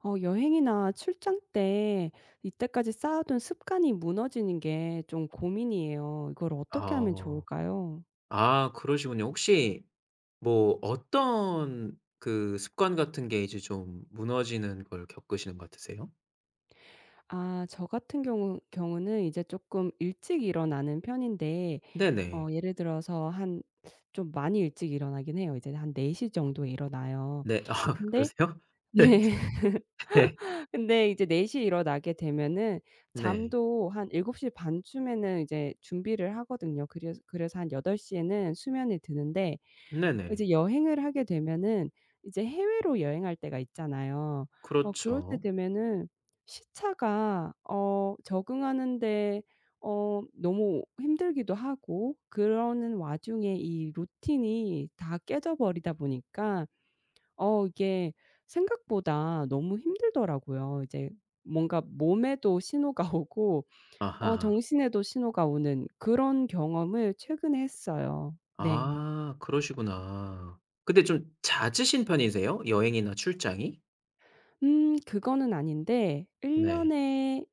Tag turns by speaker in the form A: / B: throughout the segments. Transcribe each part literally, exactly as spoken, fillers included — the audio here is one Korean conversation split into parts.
A: 어 여행이나 출장 때 이때까지 쌓아둔 습관이 무너지는 게 좀 고민이에요. 이걸 어떻게 하면
B: 아.
A: 좋을까요?
B: 아 그러시군요. 혹시 뭐 어떤 그 습관 같은 게 이제 좀 무너지는 걸 겪으시는 거 같으세요?
A: 아 저 같은 경우 경우는 이제 쪼끔 일찍 일어나는 편인데
B: 네네.
A: 어 예를 들어서 한 좀 많이 일찍 일어나긴 해요. 이제는 한 네 시 정도에 일어나요.
B: 네 아
A: 근데
B: 그러세요? 네.
A: 네.
B: 네.
A: 근데 이제 네 시 에 일어나게 되면
B: 네.
A: 잠도 한 일곱 시 반 쯤에는 이제 준비를 하거든요. 그래스 그래서 한 여덟 시 에는 수면에 드는데 어
B: 네네.
A: 이제 여행을 하게 되면은 이제 해외로 여행할 때가 있잖아요. 어 그럴 때
B: 그렇죠.
A: 되면은 시차가 어 적응하는데 어 너무 힘들기도 하고 그러는 와중에 이 루틴이 다 깨져 버리다 보니까 어 이게 생각보다 너무 힘들더라고요. 이제 뭔가 몸에도 신호가 오고 어
B: 아하.
A: 정신에도 신호가 오는 그런 경험을 최근에 했어요. 네.
B: 아 그러시구나. 근데 좀 잦으신 편이세요? 여행이나 출장이?
A: 음 그거는 아닌데 일
B: 네.
A: 년에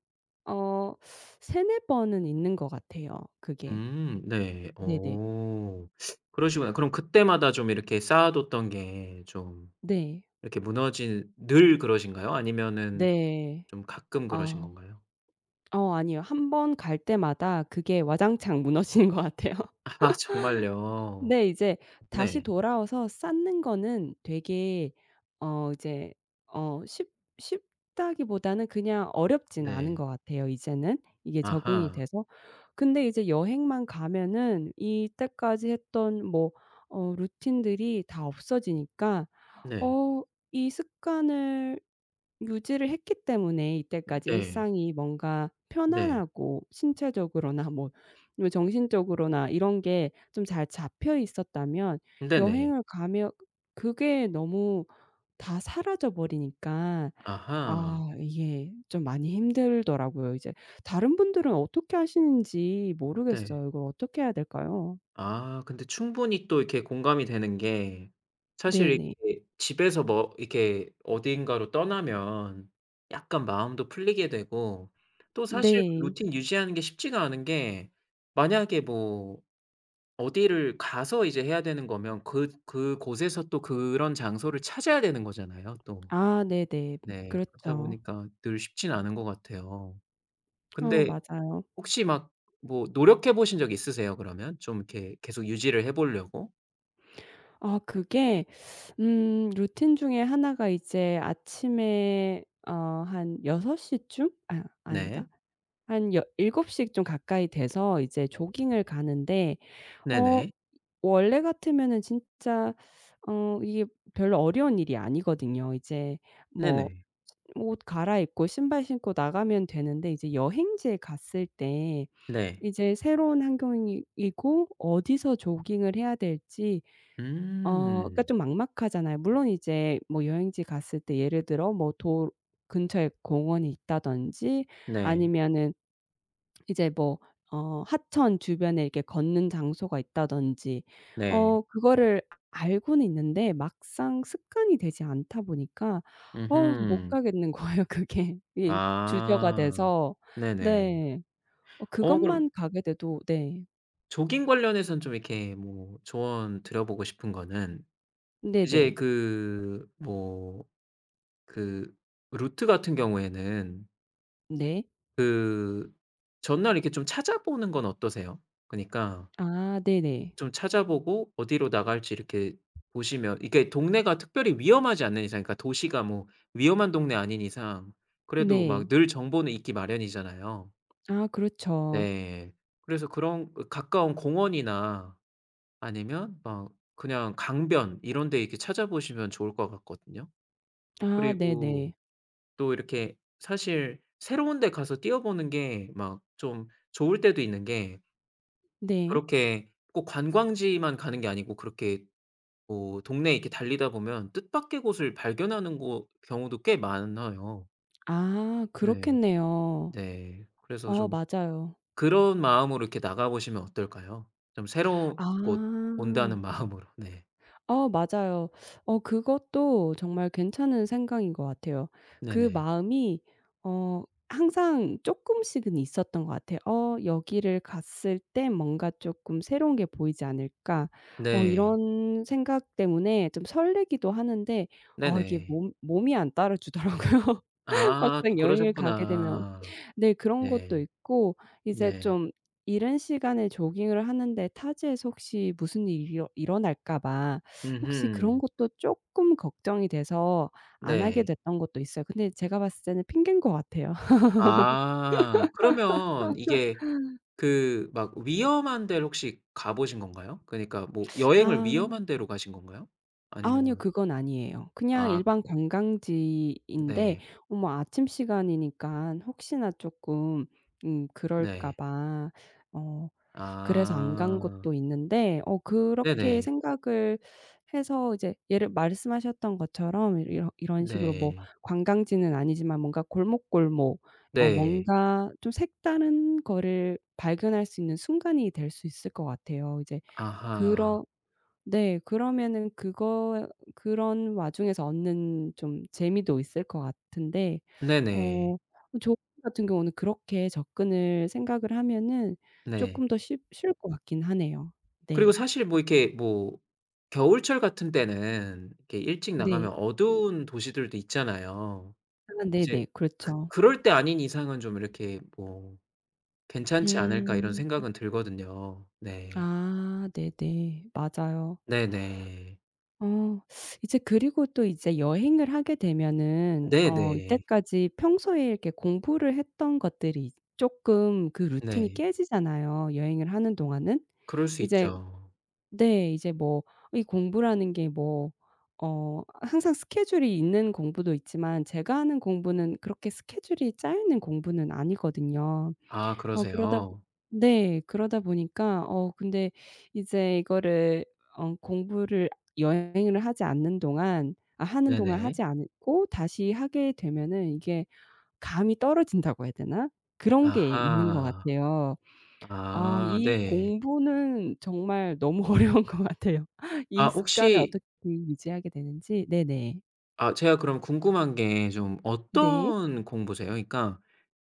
A: 어 세네 번은 있는 것 같아요 그게.
B: 음 네.
A: 네네.
B: 어. 그러시구나. 그럼 그때마다 좀 이렇게 쌓아 뒀던 게 좀
A: 네.
B: 이렇게 무너진 늘 그러신가요? 아니면은
A: 네.
B: 좀 가끔 그러신
A: 아.
B: 건가요?
A: 어 아니요. 한 번 갈 때마다 그게 와장창 무너지는 것 같아요.
B: 아 정말요?
A: 근데 이제 다시
B: 네.
A: 돌아와서 쌓는 거는 되게 어 이제 어 쉽 쉽다기보다는 그냥 어렵지는 않은
B: 네.
A: 것 같아요 이제는 이게 적응이
B: 아하.
A: 돼서. 근데 이제 여행만 가면은 이때까지 했던 뭐 어 루틴들이 다 없어지니까
B: 네.
A: 어 이 습관을 유지를 했기 때문에 이때까지
B: 네.
A: 일상이 뭔가
B: 네.
A: 편안하고 신체적으로나 뭐 정신적으로나 이런 게 좀 잘 잡혀 있었다면
B: 네네.
A: 여행을 가면 그게 너무 다 사라져 버리니까
B: 아하.
A: 아 이게 좀 많이 힘들더라고요 이제. 다른 분들은 어떻게 하시는지
B: 네.
A: 모르겠어요. 이걸 어떻게 해야 될까요?
B: 아 근데 충분히 또 이렇게 공감이 되는 게 사실
A: 네네.
B: 이렇게 집에서 뭐 이렇게 어딘가로 떠나면 약간 마음도 풀리게 되고 또 사실
A: 네.
B: 루틴 유지하는 게 쉽지가 않은 게 만약에 뭐 어디를 가서 이제 해야 되는 거면 그 그곳에서 또 그런 장소를 찾아야 되는 거잖아요 또.
A: 아 네네.
B: 네 그렇다
A: 그렇죠.
B: 보니까 늘 쉽지는 않은 것 같아요.
A: 어
B: 근데
A: 맞아요.
B: 혹시 막 뭐 노력해 보신 적 있으세요, 그러면 좀 이렇게 계속 유지를 해 보려고?
A: 아 그게 음 루틴 중에 하나가 이제 아침에 어 한 여섯 시 쯤? 아 아니다
B: 네.
A: 한 여 일곱 시 좀 가까이 돼서 이제 조깅을 가는데 어
B: 네네.
A: 원래 같으면은 진짜 어 이게 별로 어려운 일이 아니거든요. 이제 뭐
B: 네네.
A: 옷 갈아입고 신발 신고 나가면 되는데 이제 여행지에 갔을 때
B: 네.
A: 이제 새로운 환경이 이고 어디서 조깅을 해야 될지 어 그러니까
B: 음.
A: 좀 막막하잖아요. 물론 이제 뭐 여행지 갔을 때 예를 들어 뭐 도 근처에 공원이 있다든지
B: 네.
A: 아니면은 이제 뭐 어 하천 주변에 이렇게 걷는 장소가 있다든지
B: 네.
A: 어 그거를 알고는 있는데 막상 습관이 되지 않다 보니까 어우 못
B: 음흠.
A: 가겠는 거예요 그게. 이 주저가
B: 아
A: 돼서.
B: 네네.
A: 네. 어
B: 어 그럼
A: 그것만 가게 돼도 네.
B: 조깅 관련해서는 좀 이렇게 뭐 조언 드려보고 싶은 거는 이제
A: 네네.
B: 그 뭐 그 루트 같은 경우에는
A: 네.
B: 그 전날 이렇게 좀 찾아 보는 건 어떠세요? 그니까
A: 아. 네네.
B: 좀 찾아 보고 어디로 나갈지 이렇게 보시면 이게 동네가 특별히 위험하지 않는 이상 그러니까 도시가 뭐 위험한 동네가 아닌 이상 그래도 막
A: 네.
B: 늘 정보는 있기 마련이잖아요.
A: 아, 그렇죠.
B: 네. 그래서 그런 그 가까운 공원이나 아니면 막 그냥 강변 이런 데 이렇게 찾아 보시면 좋을 것 같거든요.
A: 아,
B: 그리고
A: 네네.
B: 또 이렇게 사실 새로운 데 가서 뛰어보는 게 막 좀 좋을 때도 있는 게
A: 네.
B: 그렇게 꼭 관광지만 가는 게 아니고 그렇게 뭐 동네에 이렇게 달리다 보면 뜻밖의 곳을 발견하는 거 경우도 꽤 많아요.
A: 아.
B: 네.
A: 그렇겠네요.
B: 네. 그래서
A: 어
B: 좀
A: 맞아요.
B: 그런 마음으로 이렇게 나가 보시면 어떨까요? 좀 새로운 곳 온다는
A: 아.
B: 마음으로. 네.
A: 어 맞아요. 어 그것도 정말 괜찮은 생각인 것 같아요. 그
B: 네네.
A: 마음이 어 항상 쪼끔씩은 있었던 것 같아요. '어 여기를 갔을 때 뭔가 쪼끔 새로운 게 보이지 않을까?' 어
B: 네.
A: 이런 생각 때문에 좀 설레기도 하는데 어 이게
B: 네네.
A: 몸 몸이 안 따라 주더라고요,
B: 아. 또
A: 막상 여행을 가게 되면.
B: 그러셨구나.
A: 네. 그런 것도
B: 네.
A: 있고 이제
B: 네.
A: 좀 이른 시간에 조깅을 하는데 타지에서 혹시 무슨 일이 일어 일어날까 봐 혹시 그런
B: 음흠.
A: 것도 쪼끔 걱정이 돼서 안 하게
B: 네.
A: 됐던 것도 있어요. 근데 제가 봤을 때는 핑계인 것 같아요.
B: 아. 그러면 이게 그 막 위험한 데를 혹시 가 보신 건가요? 그러니까 뭐 여행을
A: 아.
B: 위험한 데로 가신 건가요?
A: 아니요.
B: 아니면
A: 그건 아니에요. 그냥
B: 아.
A: 일반 관광지인데
B: 네.
A: 어 뭐 아침 시간이니까 혹시나 쪼끔 음 그럴까
B: 네.
A: 봐 어 그래서 안 간
B: 아.
A: 것도 있는데 어 그렇게
B: 네네.
A: 생각을 해서 이제 예를 말씀하셨던 것처럼 이렇 이런 식으로 뭐
B: 네.
A: 관광지는 아니지만 뭔가 골목, 골목 어
B: 네.
A: 뭔가 좀 색다른 거를 발견할 수 있는 순간이 될 수 있을 것 같아요. 이제
B: 아하.
A: 그런 네. 그러면 그거 그런 와중에서 얻는 좀 재미도 있을 것 같은데
B: 네네.
A: 어 저희 같은 경우는 그렇게 접근을 생각을 하면은
B: 네.
A: 쪼끔 더 쉽 쉬울 것 같긴 하네요.
B: 그리고
A: 네.
B: 사실 뭐 이렇게 뭐 겨울철 같은 때는 이렇게 일찍
A: 네.
B: 나가면 어두운 도시들도 있잖아요.
A: 아
B: 이제
A: 네네.
B: 그
A: 그렇죠.
B: 그럴 때 아닌 이상은 좀 이렇게 뭐 괜찮지 않을까 이런
A: 음.
B: 생각은 들거든요. 네.
A: 아. 네네. 맞아요.
B: 네네.
A: 어. 이제 그리고 또 이제 여행을 하게 되면은 어
B: 네네.
A: 이때까지 평소에 이렇게 공부를 했던 것들이 이제 쪼끔 그 루틴이
B: 네.
A: 깨지잖아요, 여행을 하는 동안은.
B: 그럴 수
A: 이제
B: 있죠.
A: 네. 이제 뭐 이 공부라는 게 뭐 어 항상 스케줄이 있는 공부도 있지만 제가 하는 공부는 그렇게 스케줄이 짜여 있는 공부는 아니거든요.
B: 아,
A: 어 그러다
B: 그러세요.
A: 네. 그러다 보니까 어 근데 이제 이거를 어 공부를 여행을 하지 않는 동안 아 하는 동안
B: 네네.
A: 하지 않고 다시 하게 되면은 이게 감이 떨어진다고 해야 되나? 그런 게 있는 것
B: 아하.
A: 같아요. 아,
B: 아.
A: 이
B: 네.
A: 공부는 정말 너무 어려운 것 같아요.
B: 아
A: 이 습관을
B: 혹시
A: 어떻게 유지하게 되는지. 네네.
B: 아 제가 그럼 궁금한 게 좀
A: 네.
B: 어떤 공부세요? 그러니까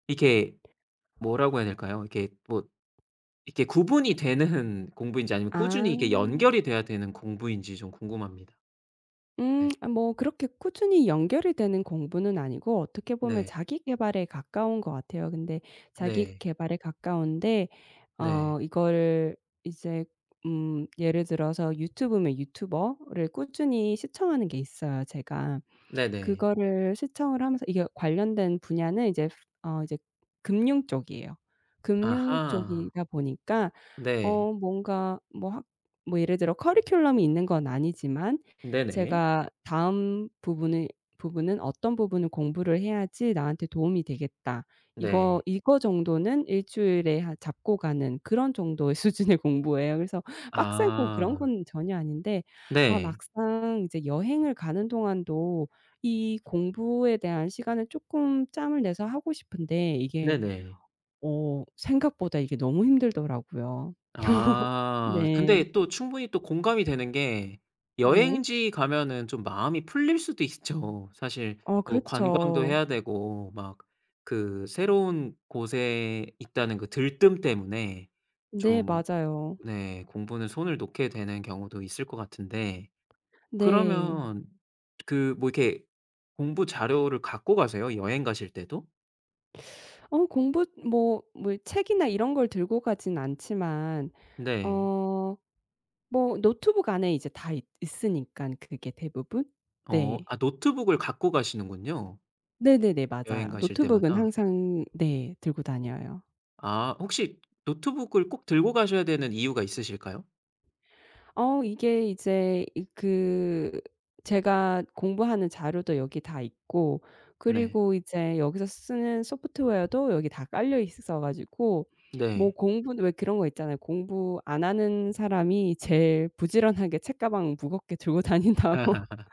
B: 이렇게 뭐라고 해야 될까요? 이렇게 뭐 이렇게 구분이 되는 공부인지 아니면
A: 아.
B: 꾸준히 이게 연결이 돼야 되는 공부인지 좀 궁금합니다.
A: 음
B: 네.
A: 아 뭐 그렇게 꾸준히 연결이 되는 공부는 아니고 어떻게 보면
B: 네.
A: 자기 계발에 가까운 것 같아요. 근데 자기
B: 네.
A: 계발에 가까운데
B: 네.
A: 어 이거를 이제 음 예를 들어서 유튜브면 유튜버를 꾸준히 시청하는 게 있어요 제가.
B: 네네.
A: 그거를 시청을 하면서 이게 관련된 분야는 이제 어 이제 금융 쪽이에요. 금융
B: 아하.
A: 쪽이다 보니까
B: 네.
A: 어 뭔가 뭐 하 뭐 예를 들어 커리큘럼이 있는 건 아니지만
B: 네네.
A: 제가 '다음 부분의 부분은 어떤 부분을 공부를 해야지 나한테 도움이 되겠다.' 이거
B: 네.
A: 이거 정도는 일 주일에 하 잡고 가는 그런 정도의 수준의 공부예요. 그래서 빡세고 그런
B: 아.
A: 건 전혀 아닌데 아
B: 네.
A: 막상 이제 여행을 가는 동안도 이 공부에 대한 시간을 쪼끔 짬을 내서 하고 싶은데 이게
B: 네네.
A: 어 생각보다 이게 너무 힘들더라고요.
B: 아
A: 네.
B: 근데 또 충분히 또 공감이
A: 음.
B: 되는 게
A: 네.
B: 여행지 가면은 좀 마음이 풀릴 수도 있죠. 사실
A: 어
B: 또 관광도
A: 그렇죠.
B: 해야 되고 막 그 새로운 곳에 있다는 그 들뜸 때문에
A: 네.
B: 좀
A: 맞아요.
B: 네. 공부는 손을 놓게 되는 경우도 있을 것 같은데
A: 네.
B: 그러면 그 뭐 이렇게 공부 자료를 갖고 가세요? 여행 가실 때도?
A: 어 공부 뭐 뭐 책이나 이런 걸 들고 가진 않지만
B: 네.
A: 어 뭐 노트북 안에 이제 다 있 있으니깐 그게 대부분.
B: 어
A: 네.
B: 아 노트북을 갖고 가시는군요.
A: 네네네. 맞아요.
B: 여행가실
A: 노트북은
B: 때마다.
A: 항상 네. 들고 다녀요.
B: 아 혹시 노트북을 꼭 들고 가셔야 되는 이유가 있으실까요?
A: 어 이게 이제 이 그 제가 공부하는 자료도 여기 다 있고
B: 네.
A: 그리고 이제 여기서 쓰는 소프트웨어도 여기 다 깔려 있어 가지고 뭐
B: 네.
A: 공부는 왜 그런 거 있잖아요. 공부 안 하는 사람이 제일 부지런하게 책가방 무겁게 들고 다닌다고.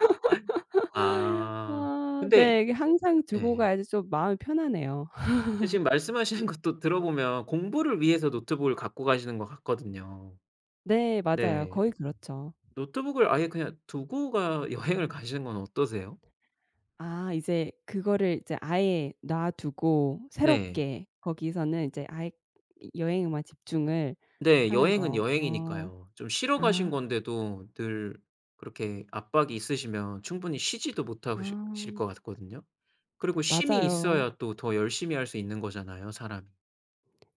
B: 아
A: 어
B: 근데
A: 네. 그 항상 들고
B: 예.
A: 가야지 좀 마음이 편안해요.
B: 근데 지금 말씀하시는 것도 들어보면 공부를 위해서 노트북을 갖고 가시는 것 같거든요.
A: 네. 맞아요.
B: 네.
A: 거의 그렇죠.
B: 노트북을 아예 그냥 두고 가 여행을 가시는 건 어떠세요?
A: 아 이제 그거를 이제 아예 놔두고
B: 네.
A: 새롭게 거기서는 이제 아예 여 여행에만 집중을
B: 네.
A: 하는
B: 여행은
A: 거. 어.
B: 여행이니까요. 좀 쉬러 가신
A: 아.
B: 건데도 늘 그렇게 압박이 있으시면 충분히 쉬지도 못하고 실 실
A: 아.
B: 것 같거든요. 그리고 쉼이
A: 맞아요.
B: 있어야 또 더 열심히 할 수 있는 거잖아요 사람이.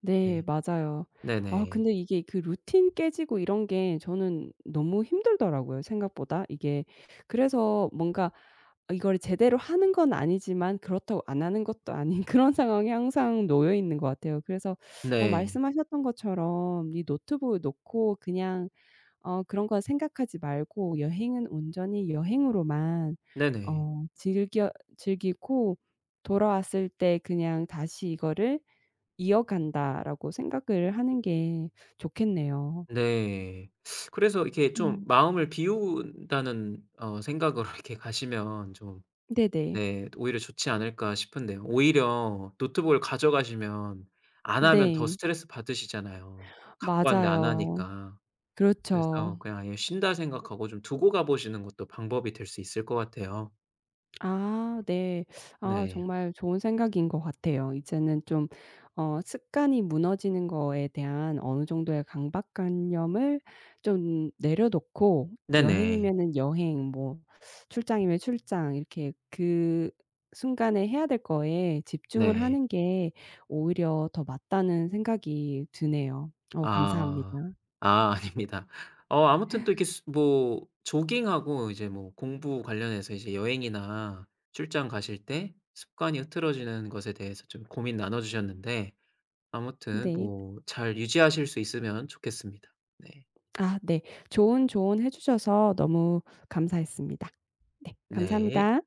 A: 네.
B: 네.
A: 맞아요. 아우
B: 네네.
A: 근데 이게 그 루틴 깨지고 이런 게 저는 너무 힘들더라고요 생각보다 이게. 그래서 뭔가 이걸 제대로 하는 건 아니지만 그렇다고 안 하는 것도 아닌 그런 상황에 항상 놓여 있는 것 같아요. 그래서 어
B: 네.
A: 말씀하셨던 것처럼 '이 노트북을 놓고 그냥 어 그런 거 생각하지 말고 여행은 온전히 여행으로만
B: 네네.
A: 어 즐겨 즐기고 돌아왔을 때 그냥 다시 이거를 이어간다.'라고 생각을 하는 게 좋겠네요.
B: 네. 그래서 이렇게 좀
A: 음.
B: 마음을 비운다는 어 생각으로 이렇게 가시면 좀
A: 네네.
B: 오히려 좋지 않을까 싶은데요. 오히려 노트북을 가져가시면 안 하면 더
A: 네.
B: 스트레스 받으시잖아요. 갖고 왔는데 안
A: 맞아요.
B: 하니까.
A: 그렇죠.
B: 그래서 그냥 아예 쉰다 생각하고 좀 두고 가보시는 것도 방법이 될 수 있을 것 같아요.
A: 아 네. 아
B: 네.
A: 정말 좋은 생각인 것 같아요. 이제는 좀 어 습관이 무너지는 거에 대한 어느 정도의 강박관념을 좀 내려놓고
B: 네네.
A: 여행이면은 여행 뭐 출장이면 출장 이렇게 그 순간에 해야 될 거에 집중을
B: 네.
A: 하는 게 오히려 더 맞다는 생각이 드네요. 어 감사합니다.
B: 아. 아 아닙니다. 어 아무튼 또 이렇게 수 뭐 조깅하고 이제 뭐 공부 관련해서 이제 여행이나 출장 가실 때 습관이 흐트러지는 것에 대해서 좀 고민 나눠주셨는데 아무튼
A: 네.
B: 뭐 잘 유지하실 수 있으면 좋겠습니다. 네.
A: 음 아 네. 좋은 조언 해 주셔서 너무 감사했습니다. 네.
B: 네.
A: 감사합니다.